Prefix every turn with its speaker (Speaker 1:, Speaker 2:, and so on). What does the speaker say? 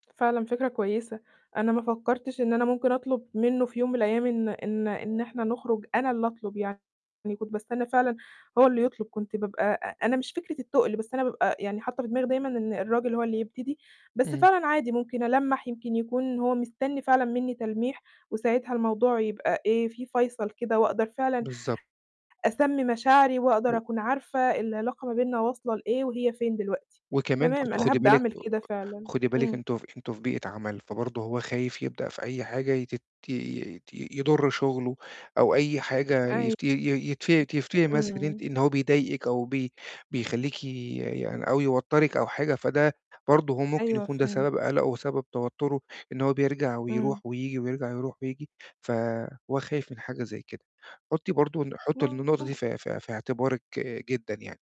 Speaker 1: فعلًا فكرة كويسة، أنا ما فكّرتش إن أنا ممكن أطلُب منّه في يوم من الأيام إن إن إن إحنا نخرُج، أنا اللي أطلُب يعني، كنت باستنّى فعلًا هو اللي يطلُب، كنت بابقى أ أنا مش فكرة التُقْل، بس أنا بابقى يعني حاطّة في دماغي دايمًا إن الراجل هو اللي يبتدي، بس
Speaker 2: إمم.
Speaker 1: فعلًا عادي ممكن ألمَّح يمكن يكون هو مستنّي فعلًا منّي تلميح، وساعتها الموضوع يبقى إيه، في فَيصَل كده وأقدر فعلًا
Speaker 2: بالضبط.
Speaker 1: أسمّي مشاعري وأقدر
Speaker 2: و
Speaker 1: أكون عارفة العلاقة ما بيننا واصلة لإيه، وهي فين دلوقتي.
Speaker 2: وكمان
Speaker 1: تمام،
Speaker 2: برضه
Speaker 1: أنا
Speaker 2: خُدي
Speaker 1: هابدأ
Speaker 2: بالِك
Speaker 1: أعمل
Speaker 2: آآ
Speaker 1: كده فعلًا،
Speaker 2: خُدي بالِك
Speaker 1: إمم.
Speaker 2: أنتم أنتم في بيئة عَمَل، فبرضه هو خايف يبدأ في أي حاجة يتت يت يضُر شُغله أو أي حاجة
Speaker 1: أيوه
Speaker 2: يت ي ي يتف يفتري مثلًا إن أنتِ
Speaker 1: إمم.
Speaker 2: إن هو بيضايقِك أو بي بيخلّيكِ يعني أو يوتَّرك أو حاجة، فده برضه هو ممكن
Speaker 1: أيوه
Speaker 2: يكون ده
Speaker 1: فهمت.
Speaker 2: سبَب قَلَقه وسبِّب توتُّره، إن هو بيرجع ويروح
Speaker 1: إمم.
Speaker 2: وييجي، ويرجع يروح وييجي، فهو خايف من حاجة زي كده. حُطّي برضه الن حُطّي الن النقطة
Speaker 1: ممكن.
Speaker 2: دي في في في اعتبارِك جدًا يعني.